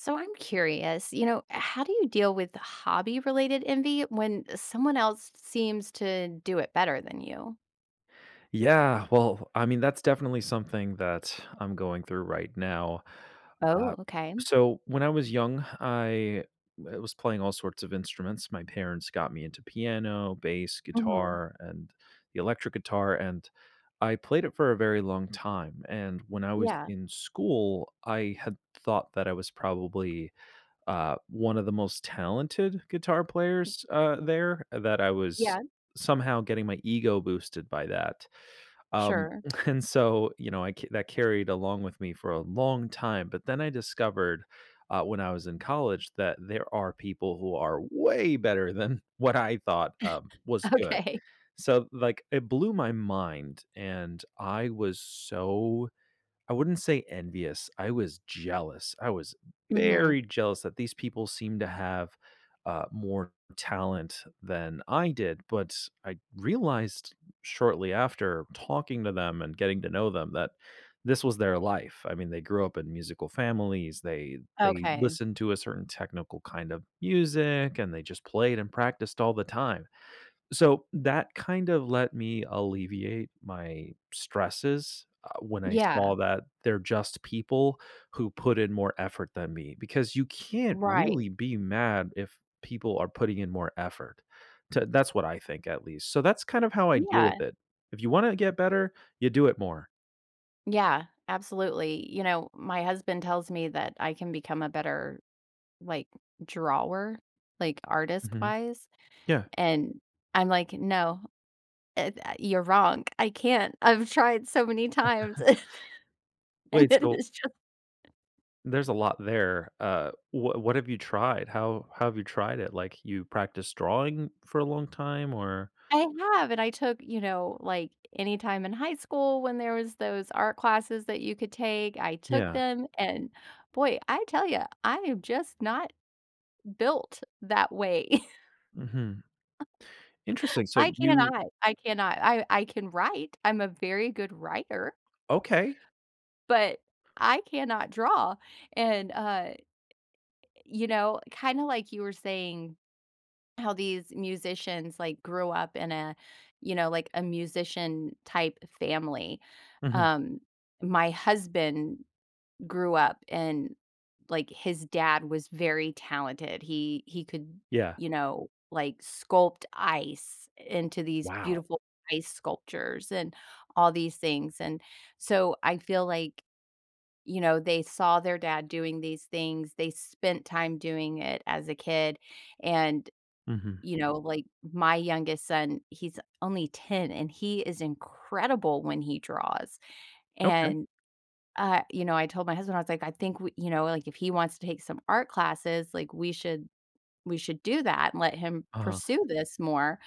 So, I'm curious, you know, how do you deal with the hobby related envy when someone else s seems to do it better than you? Yeah, well, I mean, that's definitely something that I'm going through right now. Oh, Uh, okay. so when I was young, I w was playing all sorts of instruments, my parents got me into piano, bass, Uh-huh. guitar, and the electric guitar, and I played it for a very long time, and when I was Yeah. in school, I had thought that I was probably, uh, 1 of the most talented guitar M players, uh, there, and that I was Yeah. somehow getting my ego boosted by that. Um, Sure. and so, you know, I that carried along with me for a long time, but then I discovered, uh, when I was in college that there are people who are way better than what I thought, um, was good. Okay. So, like, it blew my mind, and I was so I wouldn't say envious, I was jealous, I was Mhm. very jealous that these people seem to have, uh, more talent than I did, but I realized, shortly after talking to them and getting to know them that this was their life, I mean, they grew up in musical families, they they Okay. listened to a certain technical kind of music, and they just played and practiced all the time. So that kind of let me alleviate my stresses, uh, when I Yeah. saw that they're just people who put in more effort than me because you can't Right. really be mad if people are putting in more effort to that's what I think at least. So that's kind of how I deal Yeah. with it, if you wanna get better, you do it more. Yeah, absolutely, you know, my husband tells me that I can become a better, like, drawer? Like, Mhm, artist-wise? yeah. And, I'm like, "No. Eh, tha you're wrong, I can't, I've tried so many times," and Wait, it so is just there's a lot there, uh, wha what have you tried? How how have you tried it? Like, you practiced drawing for a long time? Or I have, and I took, you know like, anytime in high school when there was those art classes that you could take, I took Yeah. them, and boy, I tell you, I am just not built that way. Mhm. Interesting, so I you cannot, I cannot, I I can write, I'm a very good writer. Okay. But, I cannot draw, and, uh you know, kinda like you were saying how these musicians, like, grew up in a, you know, like, a musician-type family, Mhm. um, my husband grew up, and, like, his dad was very talented, he he could, Yeah. you know, like, sculpt ice into these Wow. beautiful ice sculptures and all these things, and so I feel like, you know, they saw their dad doing these things, they spent time doing it as a kid, and, Mhm. you know, like, my youngest son he's only 10, and he is incredible when he draws, Okay. and uh, you know, I told my husband, I was like, "I think we" you know, like, "if he wants to take some art classes," like, "we should we should do that and let him Uh-huh. pursue this more."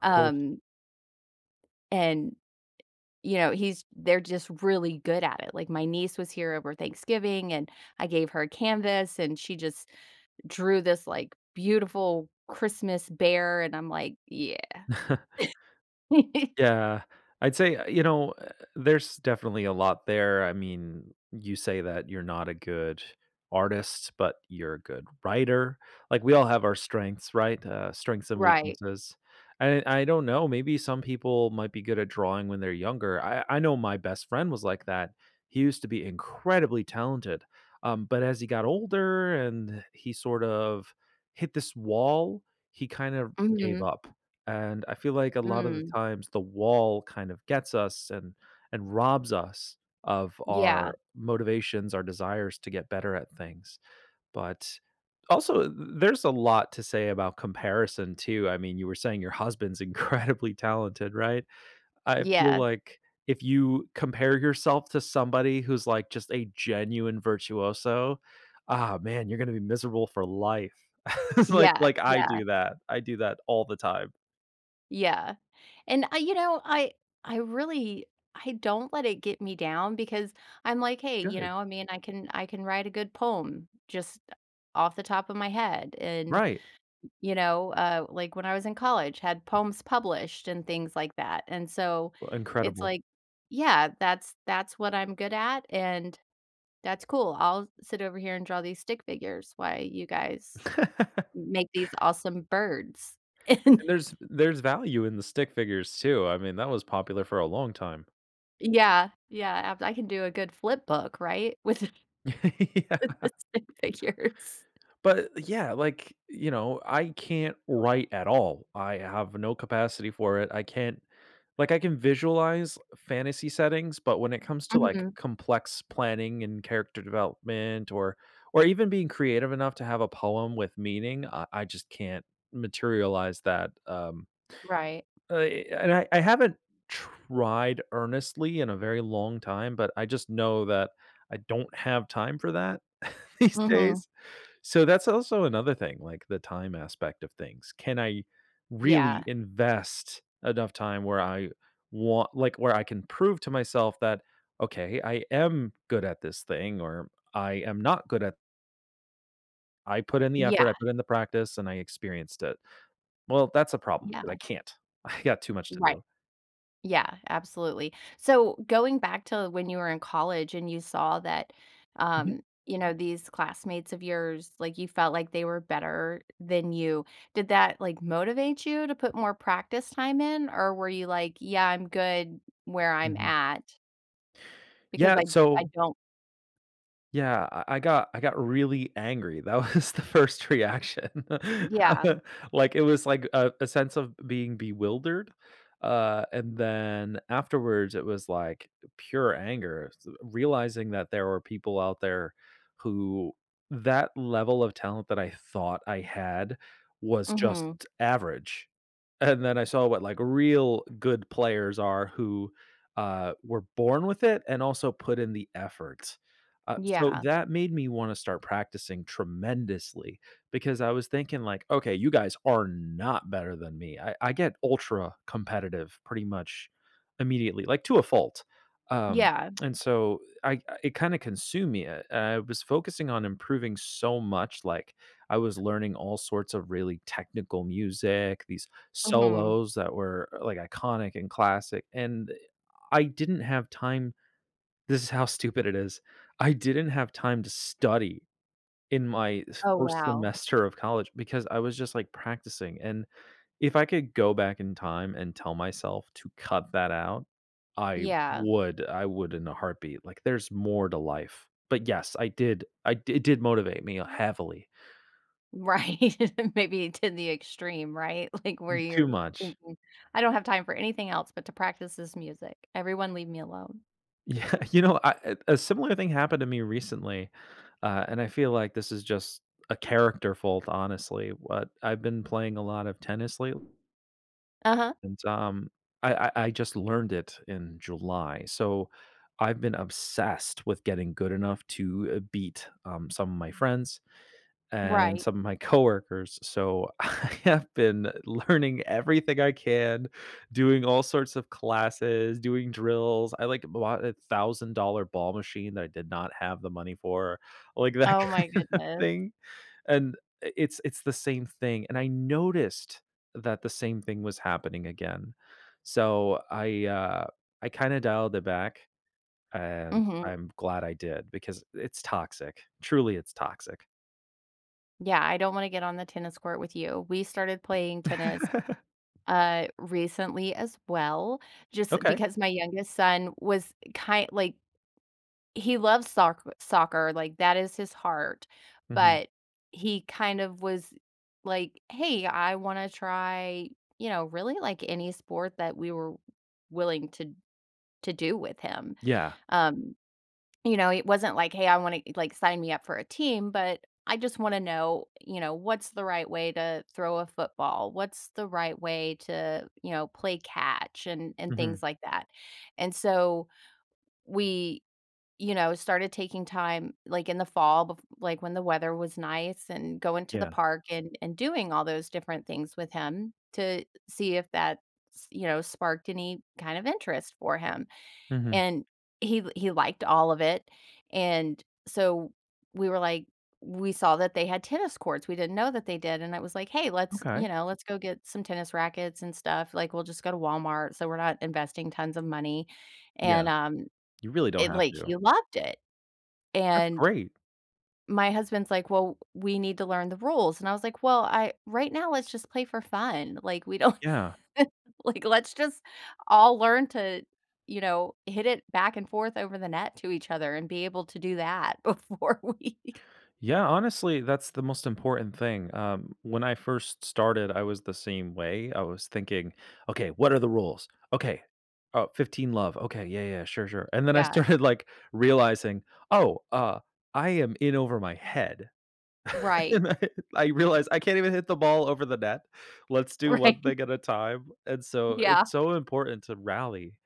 Of course. Um... and, you know, he's they're just really good at it, like, my niece was here over Thanksgiving, and I gave her a canvas, and she just drew this, like, beautiful Christmas bear, and I'm like, "Yeah." Yeah, I'd say eh, you know, uh, there's definitely a lot there, I mean, you say that you're not a good artist, but you're a good writer, like, we all have our strengths, right? Uh, strengths and Right. weaknesses, and I don't know, maybe some people might be good at drawing when they're younger, I I know my best friend was like that, he used to be incredibly talented, um, but as he got older and he sort of hit this wall, he kind of gave Mhm. up, and I feel like a lot of the Mm. times, the wall kind of gets us and and robs us of Yeah. our motivations our desires to get better at things, but, also, th there's a lot to say about comparison, too, I mean, you were saying your husband's incredibly talented, right? I feel Yeah. like if you compare yourself to somebody who's, like, just a genuine virtuoso ah man, you're gonna be miserable for life, it's like Yeah, like I yeah. do that, I do that all the time. Yeah, and, I you know, I I really I don't let it get me down because I'm like, "Hey." You Good. know? I mean, "I can I can write a good poem just, uh, off the top of my head? And" Right. you know, uh, like, "when I was in college, had poems published and things like that." And so, Wha it's incredible. like yeah, "that's that's what I'm good at, and that's cool. I'll sit over here and draw these stick figures while you guys m make these awesome birds." And And there's there's value in the stick figures too, I mean, that was popular for a long time. N yeah, yeah. ab I can do a good flipbook, right, with with Yeah. the stick figures. But, eh, yeah, like, y you know, I can't write at all, I have no capacity for it, I can't like, I can visualize fantasy settings, but when it comes to, like, Mhm. complex planning and character development or or even being creative enough to have a poem with meaning, I I just can't materialize that. Um, Right. uh, eh, and I I haven't tried earnestly in a very long time, but I just know that I don't have time for that these Mhm. days, so, that's also another thing, like, the time aspect of things. Can I really Yeah. invest enough time where I want like, where I can prove to myself that, "Okay, I am good at this thing or I am not good at" "I put in the Yeah. effort, I put in the practice, and I experienced it." Well, that's a problem 'cause I Yeah. can't. I got too much to Right. do. Yeah, absolutely. So, going back to when you were in college and you saw that, Mhm. um, you know, these classmates of yours, like, you felt like they were better than you, did that, like, motivate you to put more practice time in, or were you like, "Yeah, I'm good where I'm Mhm. at?" Because Yeah, I d I so don't yeah. I I got, I got really angry, that was the first reaction. Yeah. Like, it was like a a sense of being bewildered. Uh, and then afterwards, it was like pure anger, s uh, realizing that there were people out there who that level of talent that I thought I had was just Mhm. average, and then I saw what, like, real good players are who, uh, were born with it and also put in the effort. Uh, so Yeah. that made me wanna start practicing tremendously, because I was thinking like, "Okay, you guys are not better than me." I I get ultra competitive, pretty much, immediately- like, to a fault, um, Yeah. and so I it kinda consumed me, I I was focusing on improving so much, like, I was learning all sorts of really technical music, these Mhm. solos that were, e like, iconic and classic, and, eh, I didn't have time this is how stupid it is, I didn't have time to study in my s Oh, 1st wow. semester of college because I was just, like, practicing, and if I could go back in time and tell myself to cut that out, I Yeah. would. I would in a heartbeat, like, there's more to life. But, yes, I did. I it did motivate me heavily. Right, maybe to the extreme, right? Like, where N too you're much. thinking, I don't have time for anything else but to practice this music. Everyone leave me alone. Yeah. You know, I a similar thing happened to me recently, uh, and I feel like this is just a character fault, honestly. What I've been playing a lot of tennis late Uh-huh. and, um, I I I just learned it in July, so, I've been obsessed with getting good enough to, uh, beat, um, some of my friends and Right. some of my coworkers, so, I have been learning everything I can, doing all sorts of classes, doing drills, I, like, bought a $1,000 ball machine that I did not have the money for, like that Oh my kind of goodness. thing. And i it's it's the same thing, and I noticed that the same thing was happening again, so I, uh, I kinda dialed it back, and Mhm. I'm glad I did because it's toxic, truly, it's toxic. Yeah, I don't wanna get on the tennis court with you. We started playing tennis, uh, recently as well just, eh, Okay. because my youngest son was, eh, ki like, he loves soc soccer, like, that is his heart, Mhm. but he kind of was like, "Hey, I wanna try" you know, really, like, any sport that we were willing to to do with him, Yeah. um, you know, it wasn't like, "Hey, I wanna e" like, "Sign me up for a team," but "I just wanna know," you know, "what's the right way to throw a football? What's the right way to, you know, play catch" and and Mhm. things like that? And so, we, you know, started taking time, like, in the fall, bef like, when the weather was nice and going to the Yeah. park and and doing all those different things with him to see if that, s you know, sparked any kind of interest for him, Mhm. and he he liked all of it. And so, we were like we saw that they had tennis courts, we didn't know that they did, and I was like, "Hey, let's" you Okay. know, "Let's go get some tennis rackets and stuff." Like, we'll just go to Walmart so we're not investing tons of money, Yeah. and, um, You really don't it have like to. he loved it! That's And great. my husband's like, "Well, we need to learn the rules." And I was like, "Well, I right now, let's just play for fun. Like, we don't Yeah. like, let's just all learn to, you know, hit it back and forth over the net to each other and be able to do that before we" Yeah, honestly, that's the most important thing, um. When I first started, I was the same way, I was thinking, "Okay. What are the rules? Okay. Oh, 15 love. Okay, yeah, yeah, yeah, sure, sure." And then I Yeah. started, like, realizing, "Oh, uh, I am in over my head." Right. And I, I realized I can't even hit the ball over the net. Let's do one Right. thing at a time, and so, Yeah. it's so important to rally.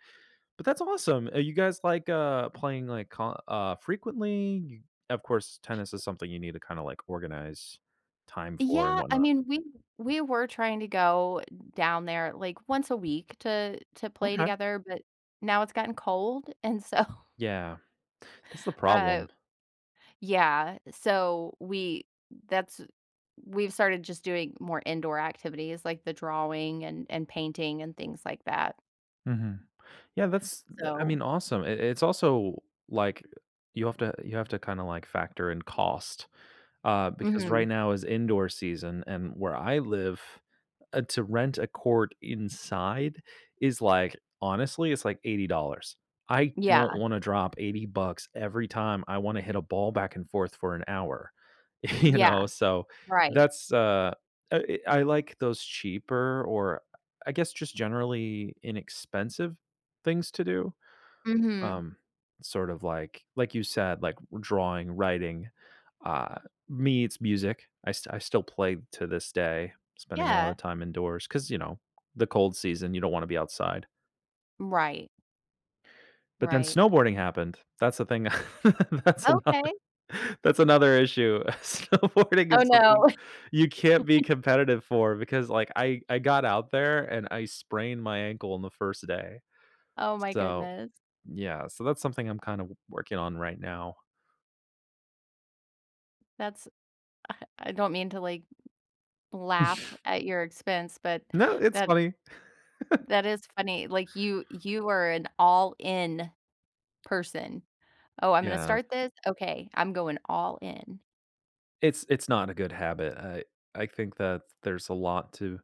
But that's awesome! Uh, you guys, like, uh, playing, like, con n uh, frequently? Of course, tennis is something you need to kinda, like, organize time for and Yeah. I whatnot. mean, we we were trying to go down there, like, once a week to to play Okay. together, but now it's gotten cold, and so Yeah. That's the uh, problem. yeah, so we that's we've started just doing more indoor activities like the drawing and and painting and things like that. Mhm, yeah, that's th I So mean, awesome, I it's also like, you have to you have to kinda, like, factor in cost, uh, because right Mhm. now is indoor season and where I live, uh, to rent a court inside is, like honestly, it's, like, $80 dollars, I don't Yeah. wanna drop $80 bucks every time I wanna hit a ball back and forth for an hour, you Yeah. know? So, Right. that's uh uh eh I like those cheaper or I I guess, just generally inexpensive things to do? Mhm. Um, sort of like like you said, like w drawing, writing, uh me? It's music, I st I still play to this day, spending a lot of Yeah. time indoors 'cause, you know, the cold season, you don't wanna be outside. Right. But then, Right. snowboarding happened, that's the thing tha that's another Okay. that's another issue, snowboarding Oh, is something no. you can't be competitive for because, like, I I got out there and I sprained my ankle on the first day. Oh my So goodness. yeah, so that's something I'm kind of w working on right now. That's I I don't mean to, like, laugh at your expense, but No, it's that funny. that is funny, like, you you are an all-in person. "Oh, I'm gonna Yeah. start this? Okay. I'm going all in." It's it's not a good habit. I I think that there's a lot to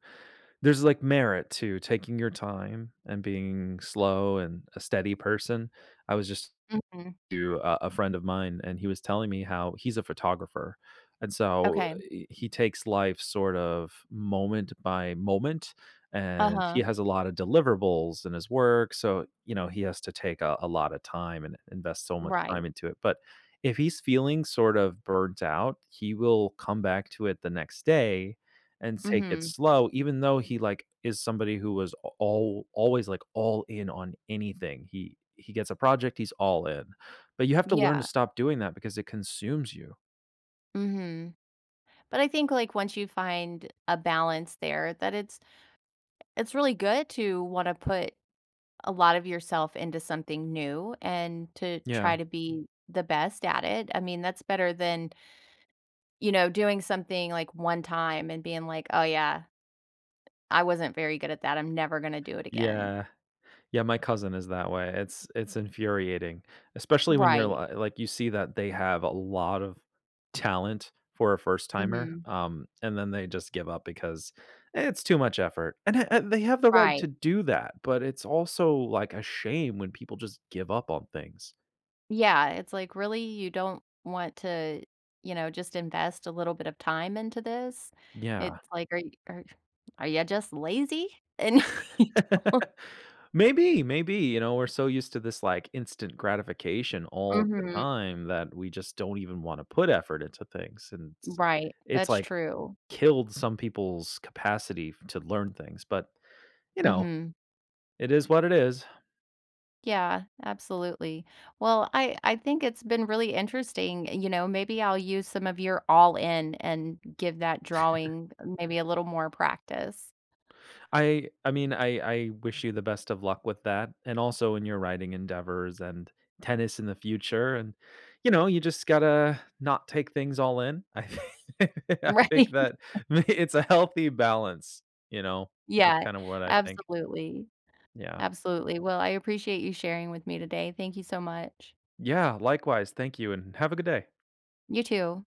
there's, like, merit to taking your time and being slow and a steady person. I was just Mhm. to a a friend of mine, and he was telling me how he's a photographer and so, Okay. uh, eh, he takes life sort of moment by moment, and he Uh-huh. has a lotta deliverables in his work, so, you know, he has to take a a lotta time and invest so much Right. time into it, but if he's feeling sort of burnt out, he will come back to it the next day and take it Mhm. slow even though he, like, is somebody who was a al always, like, all in on anything. He he gets a project, he's all in. But you have to learn to Yeah. stop doing that because it consumes you. Mhm. But I think, like, once you find a balance there, that it's it's really good to wanna put a lot of yourself into something new and to Yeah. try to be the best at it. I mean, that's better than you know, doing something, like, one-time and being like, "Oh yeah” I wasn't very good at that, I'm never gonna do it again. Yeah. Yeah, my cousin is that way; it's it's infuriating. Especially when you're Right. li like, you see that they have a lot of talent for a first timer, Mhm. um, and then they just give up because, "it's too much effort," and a and they have the right Right. to do that, but it's also, like, a shame when people just give up on things. Yeah, it's like, "Really? You don't want to, you know, just invest a little bit of time into this?" It's Yeah. like, "Are are are ya just lazy? And you don't" Maybe, maybe, you know, we're so used to this, like, instant gratification all the Mhm. time that we just don't even wanna put effort into things, and it's Right, it's, that's like, true. killed some people's capacity f to learn things, but you know? Mhm. It is what it is. Yeah, absolutely. Well, I I think it's been really interesting, you know, maybe I'll use some of your, "all-in" and give that drawing maybe a little more practice. I I mean, I I wish you the best of luck with that and also in your writing endeavors, and tennis in the future, and, you know, you just gotta not take things all-in. I thi I think Right. that may it's a healthy balance, you know? That's Yeah, kinda what I think. absolutely. Yeah. Absolutely, well, I appreciate you sharing with me today, thank you so much. Yeah, likewise, thank you and have a good day. You too.